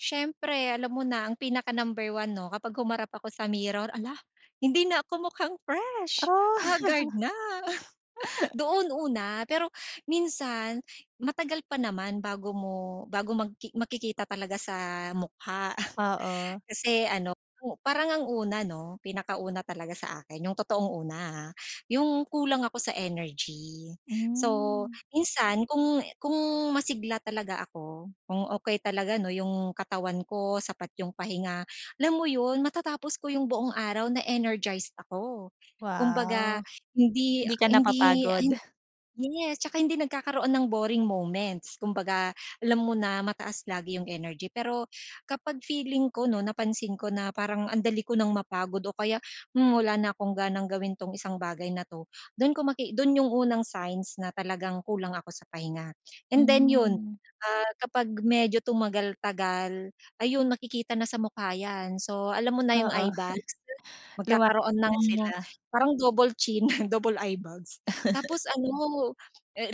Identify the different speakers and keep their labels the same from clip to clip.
Speaker 1: Siyempre alam mo na ang pinaka-number 1 'no, kapag humarap ako sa mirror ala, hindi na ako mukhang fresh, haggard na. Doon una pero minsan matagal pa naman bago mo bago magki makikita talaga sa mukha.
Speaker 2: Oo.
Speaker 1: Kasi ano, parang ang una 'no, pinaka-una talaga sa akin, yung totoong una ha, yung kulang ako sa energy. So,
Speaker 2: Hmm.
Speaker 1: minsan kung kung masigla talaga ako, kung okay talaga 'no, yung katawan ko, sapat yung pahinga, alam mo yun, matatapos ko yung buong araw na energized ako. Kumbaga,
Speaker 2: Wow.
Speaker 1: hindi
Speaker 2: Hindi ka
Speaker 1: hindi
Speaker 2: napapagod?
Speaker 1: yes, tsaka hindi nagkakaroon ng boring moments. Kumbaga, alam mo na mataas lagi 'yung energy. Pero kapag feeling ko 'no, napansin ko na parang ang dali ko nang mapagod o kaya, hmm, wala na akong ganang gawin itong isang bagay na 'to, dun ko maki dun yung unang signs na talagang kulang ako sa pahinga. And then 'yun,
Speaker 2: Hmm.
Speaker 1: ah, kapag medyo tumagal-tagal ayun, makikita na sa mukha 'yan. So, alam mo
Speaker 2: Oo.
Speaker 1: na yung eyebags. Magkakaroon
Speaker 2: Lumalaki
Speaker 1: ng
Speaker 2: na sila.
Speaker 1: parang double-chin, double-eyebags. Tapos ano,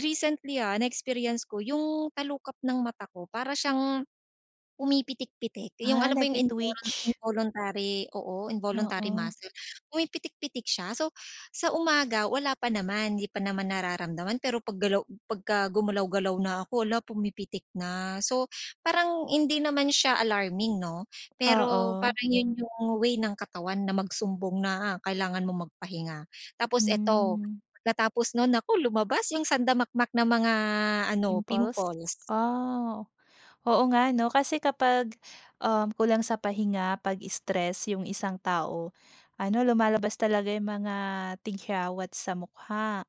Speaker 1: recently ha, na-experience ko 'yung talukap ng mata ko para siyang pumipitik-pitik, 'yung
Speaker 2: Ah,
Speaker 1: alam mo 'yung invol
Speaker 2: nag-ti-twitch.
Speaker 1: involuntary oo, involuntary
Speaker 2: Oo.
Speaker 1: muscle. Pumipitik-pitik siya. So, sa umaga wala pa naman, hindi pa naman nararamdaman, pero paggalaw 'pagka gumalaw-galaw na ako, hala pumipitik na. So, parang hindi naman siya alarming 'no, pero
Speaker 2: Oo.
Speaker 1: parang 'yun 'yung way ng katawan na magsumbong na kailangan mong magpahinga. Tapos ito,
Speaker 2: Hmm.
Speaker 1: pagkatapos nun, nako lumabas 'yung sanda-makmak na mga ano,
Speaker 2: Pimples
Speaker 1: pimples.
Speaker 2: Ah. Oo nga ano, kasi kapag, uhm, kulang sa pahinga, 'pag-stress yung isang tao, ano, lumalabas talaga yung mga tigyawat sa mukha.